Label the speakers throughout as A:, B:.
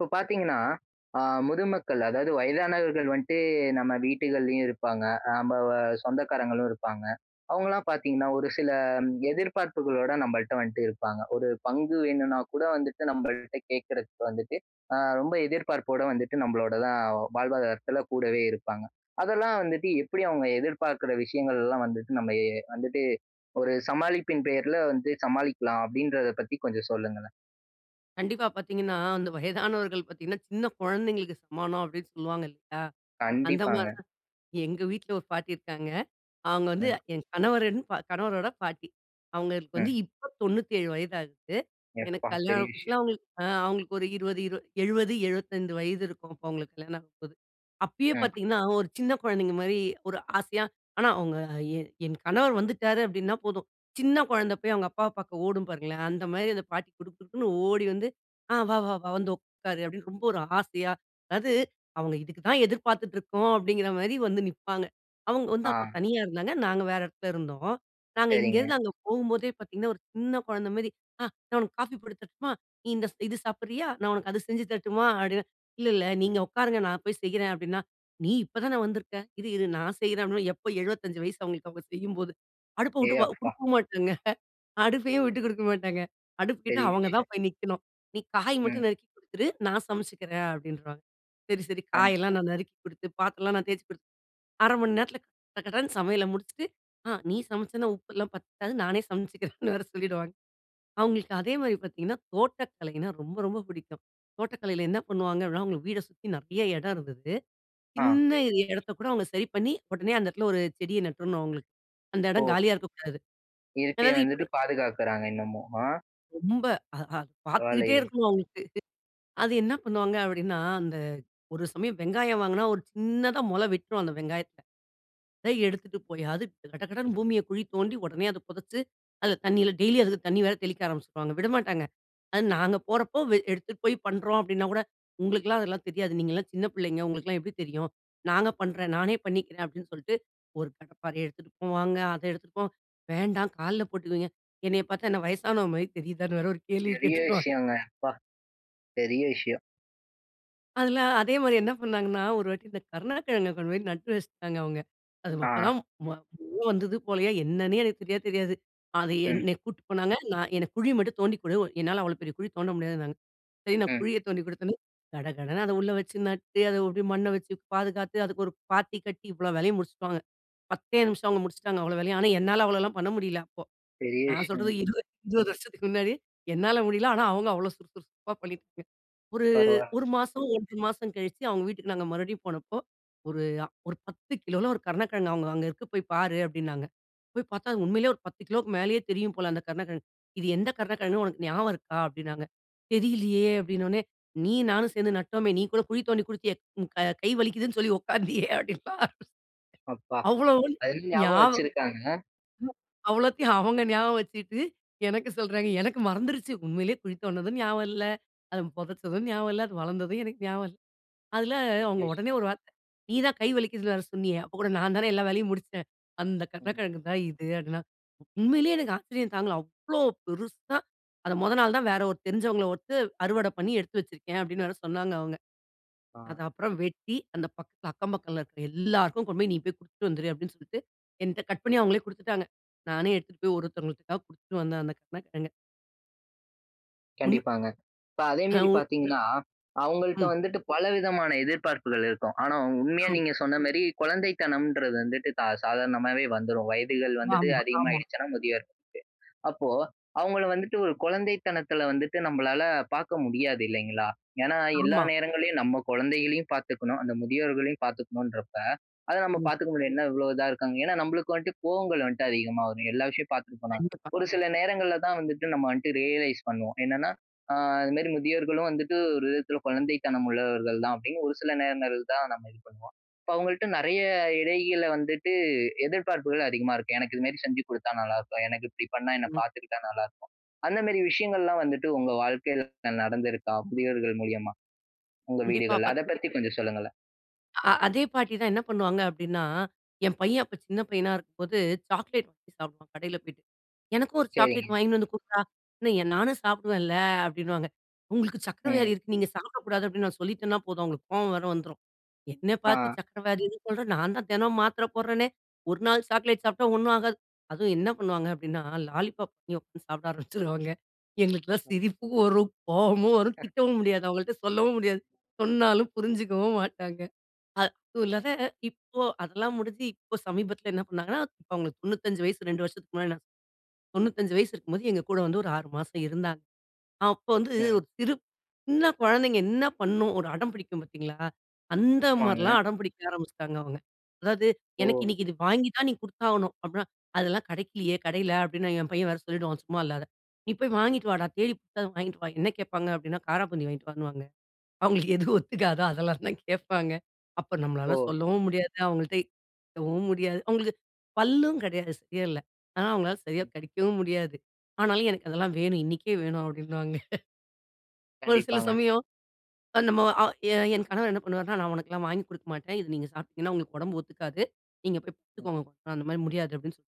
A: இப்ப பார்த்தீங்கன்னா, ஆ முதுமக்கள் அதாவது வயதானவர்கள் வந்துட்டு நம்ம வீட்டுகள்லயும் இருப்பாங்க. அ நம்ப வ சொந்தக்காரங்களும் இருப்பாங்க. அவங்களலாம் பார்த்தீங்கன்னா ஒரு சில எதிர்பார்ப்புகளோட நம்மள்ட்ட வந்துட்டு இருப்பாங்க. ஒரு பங்கு வேணும்னா கூட வந்துட்டு நம்மள்ட்ட கேட்கறதுக்கு வந்துட்டு, ஆ ரொம்ப எதிர்பார்ப்போட வந்துட்டு நம்மளோட தான் வாழ்வாதாரத்தில கூடவே இருப்பாங்க. அதெல்லாம் வந்துட்டு எப்படி அவங்க எதிர்பார்க்குற விஷயங்கள்லாம் வந்துட்டு நம்ம ஏ வந்துட்டு, ஒரு சமாளிப்பின் பேர்ல வந்து சமாளிக்கலாம் அப்படின்றத பத்தி கொஞ்சம் சொல்லுங்களேன்?
B: கண்டிப்பா பார்த்தீங்கன்னா அந்த வயதானவர்கள் பார்த்தீங்கன்னா, சின்ன குழந்தைகளுக்கு சமானம் அப்படின்னு சொல்லுவாங்க இல்லையா. அந்த மாரி
A: கண்டிப்பாங்க.
B: தான் எங்க வீட்ல ஒரு பாட்டி இருக்காங்க. அவங்க வந்து
A: ம்.
B: என் கணவரின் கணவரோட பாட்டி. அவங்களுக்கு வந்து
A: ம்.
B: இப்ப 97 வயதாகுது. எனக்கு
A: எப்பா. பெரிய
B: கல்யாணம் புதுசுல
A: விஷயம்.
B: அவங்களுக்கு அ அவங்களுக்கு ஒரு 20, 20, 70, 75 வயது இருக்கும் அப்ப எங்களுக்கு கல்யாணம் ஆகப்போது. அப்பயே
A: ம்.
B: பார்த்தீங்கன்னா ஒரு சின்ன குழந்தைங்க மாரி ஒரு ஆசையா, ஆனா அவங்க என் என் கணவர் வந்துட்டாரு அப்படின்னா போதும் சின்ன குழந்த போய் அவங்க அப்பாவ பார்க்க ஓடும் பாருங்களேன்! அந்த மாரி அந்த பாட்டி குடுகுடுன்னு ஓடி வந்து, ஆ "வா வா வா வந்து உட்காரு" அப்படின்னு ரொம்ப ஒரு ஆசையா, அதாது அவங்க இதுக்கு தான் எதிர்பார்த்துட்டு இருக்கோம், அப்படிங்கிற மாரி வந்து நிப்பாங்க. அவங்க வந்து அப்ப
A: ஆ.
B: தனியா இருந்தாங்க. நாங்க வேற இடத்துல இருந்தோம். நாங்க இங்கே
A: சரிங்க.
B: இருந்து அங்க போகும்போதே பார்த்தீங்கன்னா ஒரு சின்ன குழந்த மாரி, ஆ "நான் உனக்கு காஃபி போட்டு தரட்டுமா? நீ இந்த இது சாப்பிடுறியா? நான் உனக்கு அது செஞ்சு தரட்டுமா?" அப்படின்னு "இல்ல இல்ல நீங்க உட்காருங்க நான் போய் செய்றேன்" அப்படின்னா, "நீ இப்ப தான வந்துருக்க, இரு இரு நான் செய்றேன்" அப்படின்னா. எப்ப 75 வயசு அவங்களுக்கு அவங்க செய்யும்போது. அடுப்ப விட்டு
A: ஏய்
B: அ
A: அப்பா!
B: குடுக்கவும் மாட்டாங்க. அடுப்பையும் விட்டு குடுக்க மாட்டாங்க. அடுப்பு கிட்ட
A: பெரிய
B: அவங்க
A: விஷயம்.
B: தான் போய் நிக்கணும். "நீ காய் மட்டும்
A: ம்.
B: நறுக்கி குடுத்துரு, நான் சமைச்சிக்கிறேன்" அப்படின்றுவாங்க. சரி சரி காயெல்லாம்
A: கண்டிப்பா.
B: நான் நறுக்கி குடுத்து, பாத்திரம்லாம் நான் தேய்த்து குடுத்து, 1/2 மணி நேரத்தில கடகடன்னு சமையல முடிச்சுட்டு, ஆ நீ சமைச்சேன்னா உப்பெல்லாம் பத்தாது நானே சமைச்சிக்கிறேன்னு வேற சொல்லிவிடுவாங்க. அவங்களுக்கு அதே மாரி பார்த்தீங்கன்னா, தோட்டக்கலைனா ரொம்ப ரொம்ப பிடிக்கும். தோட்டக்கலையில என்ன பண்ணுவாங்க அப்படினா, அவங்களுக்கு வீட சுத்தி நிறைய இடம் இருந்தது.
A: ஆ.
B: சின்ன இடத்த கூட அவங்க சரி பண்ணி உடனே அந்த இடத்தில ஒரு செடிய நட்டுறணும் அவங்களுக்கு. அந்த இடம்
A: ஓ!
B: காலியாக இருக்கக்கூடாது.
A: இயற்கை
B: அதாது
A: வந்துட்டு
B: இப்ப
A: பாதுகாக்குறாங்க இன்னமும். ஆ.
B: ரொம்ப. அ அ பார்த்துக்கிட்டே
A: பரவால்லையே.
B: இருக்கணும் அவங்களுக்கு. அது என்ன பண்ணுவாங்க அப்படின்னா? அந்த ஒரு சமயம் வெங்காயம் வாங்கினா ஒரு சின்னதா முளை விட்டுரும் அந்த வெங்காயத்தில. அத எடுத்துட்டு போய் அது கடகடன்னு பூமிய குழி தோண்டி உடனே அத புதைச்சு, அதில தண்ணியில டெய்லி அதுக்கு தண்ணி வேற தெளிக்க ஆரம்பிச்சுருவாங்க, விடமாட்டாங்க. "அது நாங்க போறப்போ வே எடுத்துட்டு போய் பண்ணுறோம்" அப்படின்னா கூட, "உங்களுக்கெல்லாம் அதெல்லாம் தெரியாது. நீங்கள்லாம் சின்ன பிள்ளைங்க. உங்களுக்கெல்லாம் எப்படி தெரியும். நாங்க பண்ணுறேன் நானே பண்ணிக்கிறேன்" அப்படின்னு சொல்லிட்டு, ஒரு கடைப்பாரயை எடுத்துட்டு போவாங்க, அத எடுத்துட்டு போவங்க. "வேண்டாம் கால்ல போட்டுக்குவீங்க". என்னைய பார்த்தா என்ன வயசானவ மாரி தெரியுதான்னு வேற ஒரு கேள்வி
A: பெரிய
B: கேட்டுருவாங்க.
A: விஷயங்க, அப்பா! பெரிய விஷயம்.
B: அதுல, அதேமாரி என்ன பண்ணாங்கன்னா, ஒரு வாட்டி இந்த கருணக்கிழங்க கொண்டுபோய் நட்டு வச்சிட்டாங்க அவங்க. அது
A: அ.
B: அப்பதான் மொ [unintelligible] வந்தது போலயே என்னன்னே எனக்கு சரியா தெரியாது. அது
A: ம்.
B: என்னய கூட்டு போனாங்க. நான் எனக்கு குழி மட்டும் தோண்டி கொடு உ என்னால அவ்வளோ பெரிய குழி தோண்ட முடியாதுன்னாங்க. சரி நான்
A: ம்.
B: குழிய தோண்டிக் கொடுத்தவுடனே, கடகடன்னு அத உள்ள வச்சு நட்டு அத அப்படியே மண்ண வச்சு பாதுகாத்து அதுக்கு ஒரு பாத்தி கட்டி இவ்ளோ வேலையும் முடிச்சுட்டாங்க. 10தே நிமிஷம் அவங்க முடிச்சுட்டாங்க அவ்ளோ வேலையும். ஆனா என்னால அவ்வளோல்லாம் பண்ண முடில அப்போ.
A: பெரிய
B: நான்
A: விஷயந்
B: சொல்றது 20- 20 வருஷத்துக்கு முன்னாடி, என்னால முடியல. ஆனா அவங்க அவ்ளோ சுறு, சுறு, சுறுப்பா பண்ணிட்டு போய் ஒரு
A: பரவால்
B: 1 மாசம், 1 1/2 மாசம் கழிச்சி அவங்க வீட்டுக்கு நாங்க மறுபடியும் போனப்போ, ஒரு அ ஒரு 10 கிலோல்ல ஒரு கருணக்கிழங்கு அவங்க, "அங்க இருக்கு போயி பாரு" அப்படின்னாங்க. போய் பார்த்தா! அது உண்மையிலயே ஒரு 10 கிலோக்கு மேலயே தெரியும் போல அந்த கருணக்கிழங்கு. "இது எந்த கருணக்கிழங்கு உனக்கு ஞாபகம் இருக்கா?" அப்படின்னாங்க. "தெரியிலயே!" அப்படின்ன உடனே "நீயும் நானும் சேர்ந்து நட்டோமே, நீ கூட குழி தோண்டி குடுத்தயே, உன் க கை வலிக்குதுன்னு சொல்லி உட்காந்தியே" அப்
A: அப்பா.
B: அவ்வளவு
A: அது இன்னும் ஞாபகம்
B: ஞாப
A: வச்சிருக்காங்க.
B: அவ்வளத்தையும் அவங்க ஞாபகம் வச்சுட்டு எனக்கு சொல்றாங்க. எனக்கு மறந்துருச்சு. உண்மையிலயே குளித்தோண்டுனதும் ஞாபகம் இல்ல, அது புதைச்சதும் ஞாபகம் இல்ல, அது வளர்ந்ததும் எனக்கு ஞாபகம் இல்ல. அதுல
A: பெரிய
B: அவங்க
A: விஷயம்.
B: உடனே ஒரு வார்த்தை, "நீ தான் கை வலிக்குதுன்னு வேற சொன்னியே, அப்ப கூட நான் தானே எல்லா வேலையும் முடிச்சேன். அந்த
A: ம்.
B: கருணக்கிழங்கு தான் இது" அப்படின்னா. உண்மையிலயே எனக்கு ஆச்சரியம் தாங்கல. அவ்வளோ பெருசா! "அத மொத நாள் தான் வேற ஒரு தெரிஞ்சவங்களை விட்டு அறுவடை பண்ணி எடுத்து வச்சிருக்கேன்" அப்படீன்னு வேற சொன்னாங்க அவங்க.
A: அ.
B: அது அப்புறம் வெட்டி அந்த பக்கத் "அக்கம் பக்கத்தில இருக்கிற எல்லாருக்கும் கொண்டு போயி, நீ போய் கொடுத்துட்டு வந்துரு" அப்படீன்னு சொல்ட்டு, என்ட்ட கட் பண்ணி அவங்களே கொடுத்துட்டாங்க. நானே எடுத்துட்டு போய் ஒரு ஒருதவங்களுக்க கொடுத்துட்டு வந்தேன் அந்த கருணகிழங்க. உன்
A: கண்டிப்பாங்க. இப்ப
B: அ
A: அதேமேரி
B: உன்
A: பார்த்தீங்கன்னா, அவுங்கள்ட்ட
B: ம்.
A: வந்துட்டு பல விதமான எதிர்பார்ப்புகள் இருக்கும். ஆனா, உ உண்மையா
B: ம்.
A: நீங்க சொன்ன மேரி, குழந்தைத்தனம்ன்றது வந்துட்டு ச சாதாரணமாவே வந்துரும். வயதுகள் வந்துட்டு
B: ஆமா, ஆமா.
A: அதிகமாயிடுச்சுனா முதியோருக்கு. அப்போ அவுங்கள வந்துட்டு ஒரு குழந்தைத்தனத்துல வந்துட்டு, நம்மளால பார்க்க முடியாது, இல்லைங்களா? ஏன்னா, எல்லா
B: ஆமா.
A: நேரங்கள்லயும் நம்ம குழந்தைகளையும் பார்த்துக்கணும், அந்த முதியோர்களையும் பார்த்துக்கணும்ன்றப்ப, அத நம்ம
B: ம்.
A: பாத்துக்க முடியாது. "என்ன இவ்ளோ இதா இருக்காங்க". ஏன்னா நம்பளுக்கு வந்துட்டு, கோவங்கள் வந்துட்டு அதிகமா வரும். எல்லா விஷயம் பாத்திருப்பனா.
B: கண்டிப்பா.
A: ஒரு
B: [unintelligible]
A: சில நேரங்கள்ல தான் வந்துட்டு நம்ம வந்துட்டு ரியலைஸ் பண்ணுவோம். என்னன்னா, "அ அதுமாரி முதியோர்களும் வந்துட்டு ஒரு விதத்துல குழந்தைத்தனம் உள்ளவர்கள் தான்", அப்பிடின்னு ஒரு சில நேரங்கள் தான் நம்ம இது பண்ணுவோம். இப்ப அவுங்கள்ட்ட நிறைய இடையில வந்துட்டு, எதிர்ப்பார்ப்புகள் அதிகமா இருக்கும். "எனக்கு இதுமாரி செஞ்சு குடுத்தா நல்லாருக்கும். எனக்கு இப்பிடி பண்ணா, என்ன
B: ம்.
A: பார்த்துக்கிட்டா நல்லாருக்கும்". அந்தமேரி விஷயங்கள்லாம் வந்துட்டு, உங்க வாழ்க்கையில நடந்திருக்கா, முதியோர்கள் மூலியமா? உங்க
B: கண்டிப்பா,
A: வீடுகள்ல.
B: பத்
A: அத பத்தி கொஞ்சம் சொல்லுங்களேன்.
B: அ அதே பாட்டிதான் என்ன பண்ணுவாங்க அப்பிடின்னா, என் பையன் அப்ப சின்ன பையனா இருக்கும்போது, சாக்லேட் வாங்கி சாப்பிடுவான் கடையில பேயிட்டு. "எனக்கும் ஒரு சாக்லேட்
A: சரிங்க.
B: வாங்கின்னு வந்து குட்றா! என்ன நானும் சாப்பிடுவேன்ல," அப்பிடின்னுவாங்க. "உங்களுக்கு சர்க்கரை
A: ம்.
B: வியாதி இருக்கு, நீங்க சாப்பிடக்கூடாது" அப்பிடின்னு நான் சொல்லிட்டன்னா போதும், அவுங்களுக்கு கோவம் வேற வந்துரும். "என்ன பார்த்து
A: ஆ.
B: சர்க்கரை வியாதின்னு சொல்ற. நான் தான் தினமும் மாத்திரை போடுறனே! 1 நாள் சாக்லேட்
A: ம்.
B: சாப்பிட்டா, ஒன்னும் ஆகாது". அதுவும் என்ன பண்ணுவாங்க அப்பிடின்னா, லாலிபப் [unintelligible] உட்கார்ந்து சாப்பிட ஆரம்பிச்சுருவாங்க. எங்களுக்கெல்லாம்
A: ம்.
B: சிரிப்பு வரும். கோவமும் வரும். திட்டவும் முடியாது, அவங்கள்ட்ட சொல்லவும் முடியாது. சொன்னாலும் புரிஞ்சுக்கவும் மாட்டாங்க. அ அதுவும் இல்லாத,
A: ம்.
B: இப்போ அதெல்லாம் முடிஞ்சு இப்போ சமீபத்துல என்ன பண்ணாங்கன்னா, இப்ப அவுங்களுக்கு 95 வயசு 2 வருஷத்துக்கு முன்னாடி நா 95 வயசு இருக்கும்போது, எங்க கூட வந்து ஒரு 6 மாசம் இருந்தாங்க. அப்போ வந்து ஒரு
A: ம்.
B: சிறு சின்ன குழந்தைங்க என்ன பண்ணும், ஒரு அடம் பிடிக்கும் பார்த்தீங்களா,
A: ஆமாங்க.
B: அந்தமாரிலாம் அடம் பிடிக்க ஆரம்பிச்சிட்டாங்க, அவுங்க. "அதாவது, எனக்கு
A: ஓ!.
B: இன்னிக்கு இது வாங்கி தான் நீ குடுத்தாகணும்" அப்பிடின்னா, "அதெல்லாம் கிடைக்கலயே, கடையில" அப்பிடின்னு என் பையன் வேற சொல்லிவிடுவான், சும்மா இல்லாத. "நீ போய் வாங்கிட்டு
A: ம்.
B: வாடா. தேடி புடுச்சாவது வாங்கிட்டு வா". என்ன கேட்பாங்க அப்பிடின்னா, காராப்பூந்தி வாங்கிட்டு வான்னுவாங்க. அவுங்களுக்கு எது ஒத்துக்காதோ, அதெல்லாம் தான் கேப்பாங்க. அப்ப நம்மால
A: ஓ!
B: சொல்லவும் முடியாது. அவங்கள்ட [unintelligible] முடியாது. அவுங்களுக்கு பல்லும் கிடையாது. சரியா இல்ல. ஆனா அவுங்களால சரியாக
A: ம்.
B: கடிக்கவும் முடியாது. ஆனாலும் எனக்கு அதெல்லாம் வேணும் இன்னக்கே வேணும் அப்பிடின்னுவாங்க. ஒரு சில
A: கண்டிப்பாங்க.
B: சமயம் அ நம்ம அ எ என் கணவர் என்ன பண்ணுவார்ன்னா, "நான் உனக்கெல்லாம் வாங்கி குடுக்க மாட்டேன். இத நீங்க சாப்பிட்டீங்கன்னா, உங்களுக்கு உடம்பு ஒத்துக்காது. நீங்க போய்
A: ம்.
B: படுத்துக்கோங்க. அந்தமாரி முடியாது" அப்பிடின்னு சொல்லி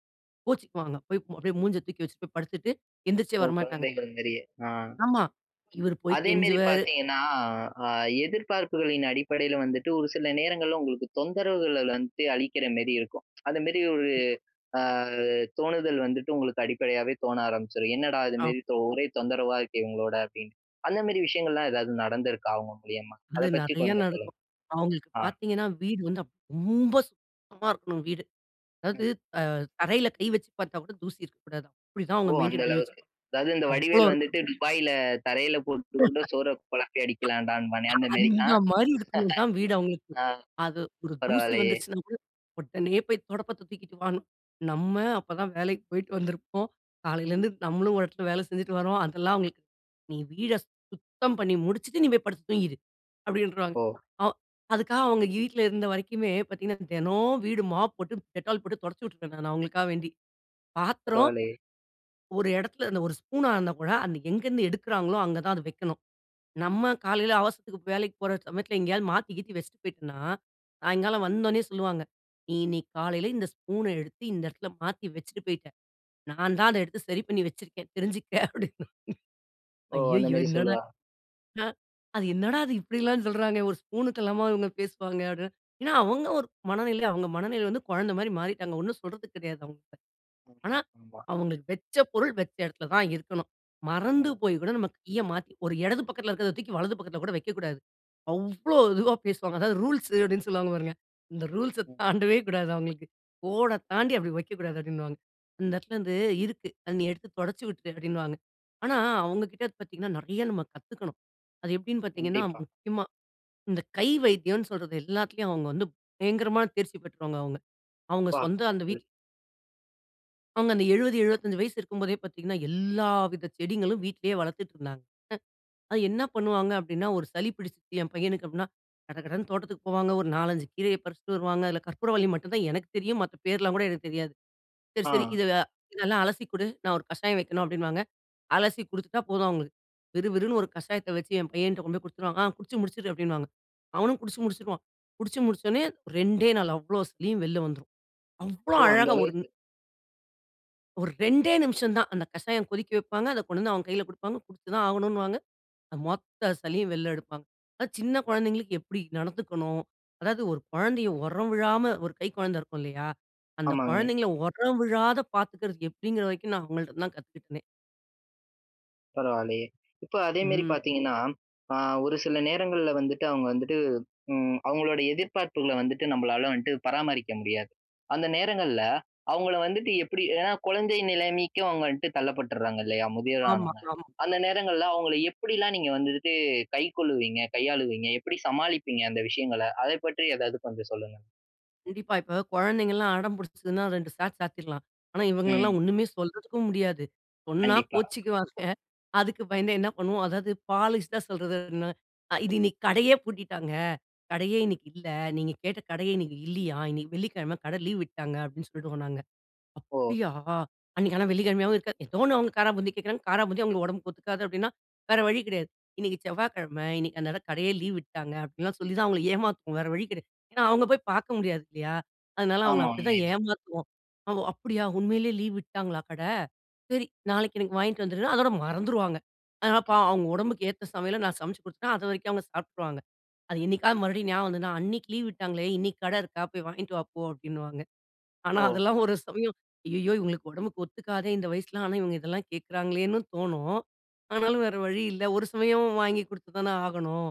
B: கோச்சுக்குவாங்க. போய் அப்பிடியே மூஞ்ச தூக்கி வச்சிட்டு போய் படுத்துட்டு எந்திரிச்சே
A: ஓ!
B: வரமாட்டாங்க.
A: குழந்தைகள் மேரியே, ஆ.
B: ஆமா. இவரு போய்
A: அதேமேரி
B: கெஞ்சுவாரு.
A: பார்த்தீங்கன்னா, அ எதிர்பார்ப்புகளின் அடிப்படையில வந்துட்டு ஒரு சில நேரங்கள்ல உங்களுக்கு தொந்தரவுகள் வந்துட்டு அளிக்கிற மாரி இருக்கும். அதுமேரி ஒரு,
B: [unintelligible]
A: அ தோணுதல் வந்துட்டு உங்களுக்கு அடிப்படையாவே தோண ஆரம்பிச்சுரும். "என்னடா!
B: ஆம்.
A: இதுமேரி ஒரே தொந்தரவா இருக்கே, இவுங்களோட" அப்பிடின்டு. அந்தமேரி விஷயங்கள்லாம் எதாவது நடந்துருக்கா, அவுங்க மூலியமா? அத
B: அது
A: பத்தி
B: நிறையா
A: கொஞ்சம் சொல்லுங்க.
B: நடக்கும். அவுங்களுக்கு
A: ஆ.
B: பார்த்தீங்கன்னா, வீடு வந்து அப் ரொம்ப சுத்தமா இருக்கணும் வீடு. அதாவது
A: ம்.
B: அ தரையில கை வச்சுப் பார்த்தா கூட தூசி இருக்கக்கூடாது. அப்பிடி தான்
A: ஓ!
B: அவுங்க
A: அந்த
B: மெயின்டென் பண்ணி வச்சு
A: அளவுக்கு. அதாவது இந்த
B: அவ்ளோ
A: வடிவேலு
B: இருக்கு.
A: வந்துட்டு துபாய்ல தரையில போட்டு கூட, சோற குழப்பி அடிக்கலாம்டாபான்னே! அந்தமேரி. ஆ..
B: அந்த மாதிரி இருக்கணும் தான் வீடு அவுங்களுக்கு.
A: அ.
B: அது ஒரு தூசி
A: பரவால்லையே!
B: வந்துருச்சுனாகூட, உடனே போய் துடப்பத்த தூக்கிட்டு வான்னு. நம்ம அப்ப தான் வேலைக்கி போயிட்டு வந்திருப்போம். காலையிலேருந்து நம்மளும் ஒரு இடத்துல வேல செஞ்சுட்டு வரோம். அதெல்லாம் அவுங்களுக்கு [unintelligible] "நீ வீட சுத்தம் பண்ணி முடிச்சுட்டு, நீ போய் படுத்து தூங்கிரு." அப்படின்ருவாங்க.
A: ஓ!.
B: அ அதுக்காக அவுங்க வீட்டுல இருந்த வரைக்குமே பார்த்தீங்கன்னா, தினம் வீடு மாப் போட்டு Dettol போட்டு தொடச்சி விட்டுருவேன், நான் அவுங்களுக்காக வேண்டி. பாத்திரம்,
A: பரவால்லையே!
B: ஒரு இடத்துல, அந்த ஒரு ஸ்பூனா இருந்தா கூட அன்னைக்கு எங்கேருந்து எடுக்குறாங்களோ, அங்கதான் அது வைக்கணும். நம்ம காலையில அவசரத்துக்கு வேலைக்கு போற சமயத்துல எங்கேயாவது மாத்தி, கீத்தி வச்சுட்டு போயிட்டன்னா, சாயங்காலம் வந்தோனே சொல்லுவாங்க. நீ இன்னைக்கு காலையில இந்த ஸ்பூன எடுத்து இந்த இடத்துல மாத்தி வச்சுட்டு போயிட்ட. நான்தான் அத எடுத்து சரி பண்ணி வச்சிருக்கேன். தெரிஞ்சுக்க அப்படின்னுவாங்க.
A: ஓ!
B: "அய்யயோ!
A: அந்தமேரி
B: என்னடா
A: சொல்லுவா.
B: நா அது என்னடா இது இப்பிடியெல்லாம் சொல்றாங்க. ஒரு ஸ்பூனுக்கெல்லாம இவுங்க பேசுவாங்க?" அப்படின்னா ஏன்னா அவுங்க ஒரு மனநிலை, அவுங்க மனநிலை வந்து குழந்தைமாரி மாறிட்டாங்க. ஒன்னும் சொல்றதுக்கு கிடையாது, அவுங்கக்கிட்ட. ஆனா,
A: [unintelligible]
B: அவுங்களுக்கு வெச்ச பொருள், வெச்ச இடத்துல தான் இருக்கணும். மறந்து
A: ம்.
B: போய் கூட நம்ம கீய மாத்தி, ஒரு இடது பக்கத்துல இருக்கிறத தூக்கி, வலது பக்கத்துல கூட வைக்கக்கூடாது. அவ்ளோ இதுவா பேசுவாங்க. அதாவது ரூல்ஸ் அப்பிடின்னு சொல்லுவாங்க பாருங்க. இந்த ரூல்ஸ
A: ம்.
B: தாண்டவே கூடாது அவுங்களுக்கு. "கோட
A: ம்.
B: தாண்டி அப்பிடி வைக்கக்கூடாது" அப்பிடின்னுவாங்க. "இந்த இடத்துலேருந்து இருக்கு. அத நீ எடுத்து தொடச்சி விட்டுரு" அப்பிடின்னுவாங்க. ஆனா, அவுங்கக்கிட்ட பார்த்தீங்கன்னா, நிறைய நம்ம கத்துக்கணும். அது எப்பிடின்னு பார்த்தீங்கன்னா,
A: கண்டிப்பா.
B: முக்கியமாக இந்த கை வைத்தியோன்னு சொல்றது எல்லாத்தையும் அவுங்க வந்து, பயங்கரமான தேர்ச்சி பெற்றவுங்க, அவுங்க. அவுங்க
A: ப்பா,
B: சொந்த அந்த
A: [unintelligible]
B: வீட் அவங்க அந்த 70, 75 வயசு இருக்கும்போதே பாத்தீங்கன்னா, எல்லா வித செடிங்களும் வீட்லயே வளர்த்துட்டு இருந்தாங்க. அ அத என்ன பண்ணுவாங்க அப்டின்னா, ஒரு சளி பிடிச்சுருக்கு என் பையனுக்கு அப்டின்னா, கடகடன்னு தோட்டத்துக்கு போவாங்க, ஒரு 4, 5 கீரைய பறிச்சுட்டு வருவாங்க. அதுல கற்பூரவள்ளி மட்டும்தான் எனக்கு தெரியும், மத்த பேர்லாம் கூட எனக்கு தெரியாது. சரி சரி
A: ஆ.
B: "இததெல் இதெல்லாம் அலசி குடு. நான் ஒரு கஷாயம் வைக்கணும்" அப்டின்னுவாங்க. அலசி குடுத்துட்டா போதும் அவங்களுக்கு. விறுவிறுன்னு ஒரு கஷாயத்த வச்சு என் பையன்ட்ட கொண்டு போய் குடுத்துருவாங்க. "ஆ குச்சு முடிச்சுரு" அப்டின்னுவாங்க. அவனும் குச்சு முடிச்சுருவான். குடிச்சு முடிச்சொடனே, 2டே நாள் அவ்ளோ சளியும் வெளில வந்துரும். அவ்வளோ
A: ஓ! அந்த
B: அழகா ஒரு
A: அளவுக்கு.
B: ஒரு 2டே நிம்ஷம்தான். அந்த கஷாயம் கொதிக்க வைப்பாங்க அத கொண்டு வந்து அவன் கைல குடுப்பாங்க. குடிச்சுதான் ஆகணுன்னுவாங்க, அந்த மொத்த சளியும் வெள்ல எடுப்பாங்க. அது சின்ன குழந்தைகளுக்கு எப்படி நடந்துக்கணும், அதாவது ஒரு கொழந்தையை உரம் விழாம ஒரு கை கொழந்த இருக்கும் இல்லையா? அந்த
A: ஆமாங்க.
B: குழந்தைங்கள ஒரம் விழாத பாத்துக்கிறது எப்டிங்கிற வரைக்கும் நான் அவங்ககிட்ட இருந்து தான் கத்துக்கிட்டேனே.
A: பரவாயில்லையே. இப்ப அதே மாரி
B: ம்.
A: பார்த்தீங்கன்னா அ ஒரு சில நேரங்கள்ல வந்துட்டு அவங்க வந்துட்டு ம் அவங்களோட எதிர்பார்ப்புகள வந்துட்டு நம்பளால வந்துட்டு பராமரிக்க முடியாது. அந்த நேரங்கள்ல அவங்கள வந்துட்டு எப்படி ஏன்னா குழந்தை நிலைமைக்கு அவங்க வந்துட்டு தள்ளப்பட்டுறாங்க இல்லையா? முதியவர்
B: ஆமா
A: ஆனோனே.
B: ஆமா.
A: அந்த நேரங்கள்ல அவங்கள எப்படில்லாம் நீங்க வந்துட்டு கைக்கொள்வீங்க கையாளுவீங்க? எப்படி சமாளிப்பீங்க அந்த விஷயங்கள? அதைப் பற்றி ஏதாவது கொஞ்சம் சொல்லுங்க.
B: கண்டிப்பா. இப்போ குழந்தைங்கள்லாம் அடம் புடிச்சிதுன்னா, 2 சாத்து சாத்திடலாம். ஆனா
A: ம்.
B: இவங்களலாம் ஒண்ணுமே சொல்றதுக்கும் முடியாது. சொன்னா
A: கண்டிப்பா.
B: கோவிச்சுக்குவாங்க. அதுக்கு பயந்தே என்ன பண்ணுவோம்? அதாவது பாலிஷ்டா சொல்றது. "இது இன்னைக்கு கடையே பூட்டிட்டாங்க. கடையே
A: ம்.
B: இன்னைக்கு இல்ல. நீங்க கேட்ட கடையே இன்னிக்கு இல்லியாம். இன்னிக்கு வெள்ளிக்கிழமை. கடை லீவ் விட்டாங்க." அப்படின்னு சொல்டுவோம் நாங்க.
A: ஓ.
B: அப்டியா? அன்னைக்கு ஆனா வெள்ளிக்கிழமையாவும் இருக்காது. ஏதோ ஒண்ணு, அவுங்க காரா பூந்தி கேக்கிறாங்க. காராபூந்தி அவுங்களுக்கு உடம்புக்கு ஒத்துக்காது அப்படின்னா, வேற வழி கிடையாது. "இன்னிக்கு செவ்வாக்கிழமை. இன்னைக்கு அந்த இடம் கடையே லீவ் விட்டாங்க." அப்படின்லாம் சொல்லி தான் அவுங்களை ஏமாத்துவோம். வேற வழி கிடையாது. ஏன்னா அவுங்க போய் பார்க்க முடியாது இல்லையா? அதனால அவுங்கள
A: ஆமா
B: அப்படி தான்
A: உண்மைதான்.
B: ஏமாத்துவோம். அவுங்க "அப்டியா உண்மையிலேயே லீவ் விட்டாங்களா கடை? சரி நாளைக்கு எனக்கு வாங்கிட்டு வந்துருன்னா" அதோட மறந்துருவாங்க. அதனால
A: ஆ.
B: பாவம், அவங்க உடம்புக்கு ஏத்த சமையல, நான் சமைச்சு குடுத்துட்டேன். அது வரைக்கும் அவுங்க சாப்ட்டுருவாங்க. அது என்னைக்காவது மறுபடியும் ஞாபகம் வந்ததுன்னா, 'அன்னைக்கு லீவ் விட்டாங்களே, இன்னிக்கு கடை இருக்கா? போய் வாங்கிட்டு வாப்போ." அப்டின்னுவாங்க. ஆனா
A: ஓ.
B: அதெல்லாம் ஒரு சமயம். அய்யய்யோ! இவங்களுக்கு உடம்புக்கு ஒத்துக்காதே இந்த வயசில, ஆனா இவங்க இதெல்லாம் கேட்குறாங்களேன்னும், தோணும். ஆனாலும்
A: ம்.
B: வேற வழி இல்ல, ஒரு சமயம் வாங்கி குடுத்து தானே ஆகணும்.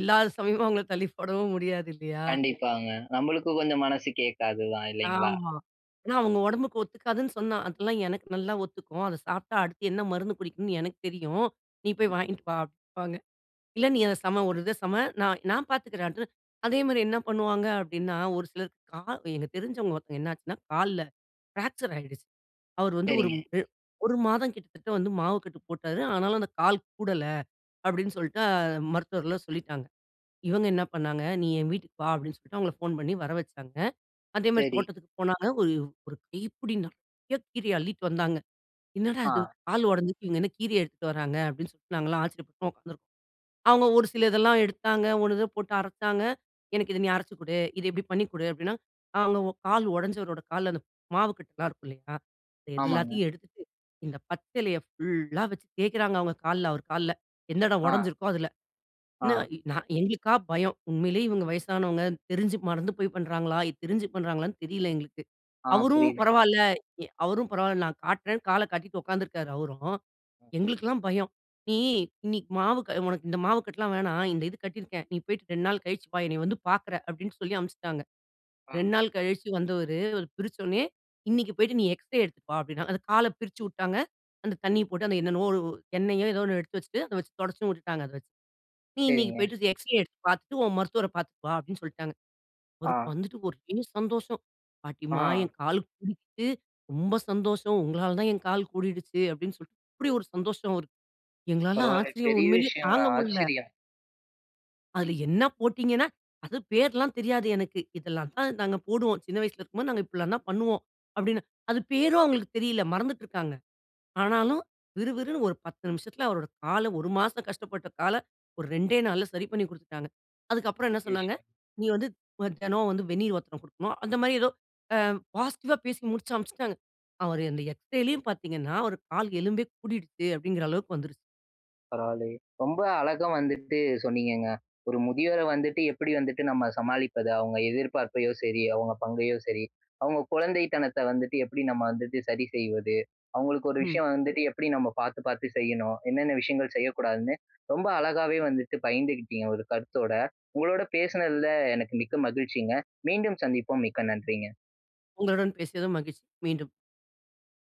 B: இல்லாத சமயம் அவங்கள தள்ளி போடவும் முடியாது இல்லையா?
A: கண்டிப்பாங்க, நம்மளுக்கு கொஞ்சம் மனசு கேக்காது தான், இல்லைங்களா?
B: ஆமா. ஏன்னா அவங்க உடம்புக்கு ஒத்துக்காதுன்னு சொன்னா "அதெல்லாம் எனக்கு நல்லா ஒத்துக்கும். அத சாப்ட்டா அடுத்து என்ன மருந்து குடிக்கணும்னு எனக்கு தெரியும். நீ போய் வாங்கிட்டு வா" அப்படின்பாங்க. இல்ல நீ அத சம, ஒரு இத சம, நான் நான் பார்த்துக்கிறேன். அதே மாதிரி என்ன பண்ணுவாங்க அப்படின்னா, ஒரு சிலர் கால் எங்க தெரிஞ்சவங்க ஒருத்தவங்க என்னாச்சுன்னா, கால்ல ஃப்ராக்சர் ஆயிடுச்சு. அவரு வந்து, ஒரு
A: சரிங்க.
B: அ ஒரு மாதம் கிட்டத்தட்ட வந்து, மாவு கட்டு போட்டாரு. ஆனாலும் அந்த கால் கூடல அப்டின்னு சொல்ட்டு, மருத்துவர்கள்லாம் சொல்லிட்டாங்க. இவங்க என்ன பண்ணாங்க, "நீ என் வீட்டுக்கு வா" அப்டின்னு சொல்ட்டு அவங்களை ஃபோன் பண்ணி வர வச்சாங்க. அதேமாதிரி
A: சரி.
B: தோட்டத்துக்கு போனாங்க. ஒரு, ஒரு கைப்புடி நெறைய கீரைய அள்ளிட்டு வந்தாங்க. என்னடா இது
A: ஆ.
B: கால் உடஞ்சுருக்கு, இவங்க என்ன கீரைய எடுத்துட்டு வராங்க? அப்படின்னு சொல்ட்டு, நாங்கலாம் ஆச்சரியப்பட்டு உக்காந்துருக்கோம். அவுங்க ஒரு சில இதெல்லாம் எடுத்தாங்க. ஒண்ணு இத போட்டு அரைச்சாங்க. எனக்கு இத நீ அரைச்சு குடு. இத இப்டி பண்ணி குடு. அப்டின்னா, காலோ கால் உடைஞ்சவரோட கால்ல, அந்த மாவு கட்டலாம் இருக்கும் இல்லிங்களா, இது
A: ஆமாங்க.
B: எல்லாத்தையும் எடுத்துட்டு, இந்த பச்சிலைய ஃபுல்லா வச்சு தேய்க்கிறாங்க, அவங்க கால்ல, அவர் கால்ல எந்த இடம்
A: ஆ.
B: ஒடஞ்சிருக்கோ, அதில. என்ன
A: ஆ.
B: நா எங்களுக்கா பயம். உண்மையிலேயே இவங்க வயசானவங்க. தெரிஞ்சு மறந்து போய் பண்றாங்களா? இது தெரிஞ்சு பண்றாங்களான்னு தெரியல எங்களுக்கு.
A: ஆ
B: அவரும்
A: புரியுது.
B: பரவால்ல, எ அவரும் பரவால்ல நான் காட்டுறேன்னு, காலை கட்டிட்டு உக்காந்துருக்காரு அவரும். எங்களுக்கெல்லாம் பயம். "நீ இன்னிக்கு மாவு க உனக்கு இந்த மாவு கட்டலாம் வேணாம், இந்த இது கட்டிருக்கேன். நீ போய்ட்டு 2 நாள் கழிச்சு வா. என்னைய வந்து பாக்குற." அப்படின்னு சொல்லி அனுப்பிச்சிட்டாங்க.
A: ஆ.
B: 2 நாள் கழிச்சு வந்தவரு, அவரு பிரிச்சோன்னயே, "இன்னைக்கு போய்ட்டு, நீ எக்ஸ்ரே எடுத்துட்டு வா" அப்டின்னாங்க. அந்த கால பிரிச்சு வுட்டாங்க. அந்த தண்ணிய போட்டு, அந்த என்னென்னவோ, எண்ணெயோ, ஏதோ ஒண்ணு எடுத்து வச்சுட்டு, அத வச்சு தொடச்சும் வுட்டுட்டாங்க, அத வச்சு. "நீ இன்னைக்கு
A: சரிங்க.
B: போய்ட்டு, எக்ஸ்ரே எடுத்து பார்த்துட்டு, உன் மருத்துவரை பார்த்துட்டு வா" அப்டின்னு சொல்ட்டாங்க. அவருக்கு
A: ஆ.
B: வந்துட்டு ஒரே சந்தோஷம். "பாட்டிம்மா என்
A: ஆ.
B: கால் கூடிட்டு. ரொம்ப சந்தோஷம். உங்களால தான் என் கால் கூடிடுச்சு." அப்டின்னு சொல்ட்டு, அப்டி ஒரு சந்தோஷம் அவுருக்கு. எங்களால
A: பரவால்லையே,
B: ஆச்சரியம்.
A: பெரிய
B: உண்மையிலேயே
A: விஷயங்க.
B: தாங்க முடில.
A: ஆச்சரியம்.
B: அதில என்ன போட்டீங்கன்னா, "அது பேர்லாம் தெரியாது எனக்கு. இதெல்லாம் தான் நாங்க போடுவோம். சின்ன வயசுல இருக்கும்போது, நாங்க இப்டிலாம் தான் பண்ணுவோம்" அப்படின்னு, அது பேரும் அவங்களுக்கு தெரியல. மறந்துட்டுருக்காங்க. ஆனாலும் விறு விறுன்னு ஒரு 10 நிமிஷத்தில அவரோட கால ஒரு மாசம் கஷ்டப்பட்ட கால ஒரு 2 நாள்ல சரி பண்ணி குடுத்துட்டாங்க. அதுக்கப்புறம் என்ன
A: பெரிய
B: சொன்னாங்க,
A: விஷயங்க.
B: 'நீ வந்து தினம் வந்து வெந்நீர் ஒத்தடம் குடுக்கணும்" அந்த மாதிரி ஏதோ அ பாசிட்டிவா பேசி முடிச்சு அனுப்பிச்சுட்டாங்க. அவர் அந்த எக்ஸ்ரேலயும் பார்த்தீங்கன்னா ஒரு கால் எலும்பே கூடிடுச்சு அப்படிங்கிற அளவுக்கு வந்துருச்சு.
A: பரவாயில்லையே, ரொம்ப அழகா வந்துட்டு சொன்னீங்கங்க. ஒரு முதியோர வந்துட்டு, எப்புடி வந்துட்டு நம்ம சமாளிப்பது? அவுங்க எதிர்பார்ப்பையோ சரி, அவங்க பங்கையோ சரி, அவங்க குழந்தைத்தனத்த வந்துட்டு, எப்படி நம்ம வந்துட்டு சரி செய்வது? அவங்களுக்கு ஒரு
B: ம்.
A: விஷயம் வந்துட்டு எப்புடி நம்ம பாத்து பாத்து செய்யணும்? என்னென்ன விஷயங்கள் செய்யக்கூடாதுன்னு, ரொம்ப அழகாவே வந்துட்டு பகிர்ந்து கிட்டிங்க ஒரு கருத்தோட. உங்களோட பேசினதில எனக்கு மிக்க மகிழ்ச்சிங்க. மீண்டும் சந்திப்போம். மிக்க நன்றிங்க!
B: உங்களுடன் பேசியதும் மகிழ்ச்சி மீண்டும்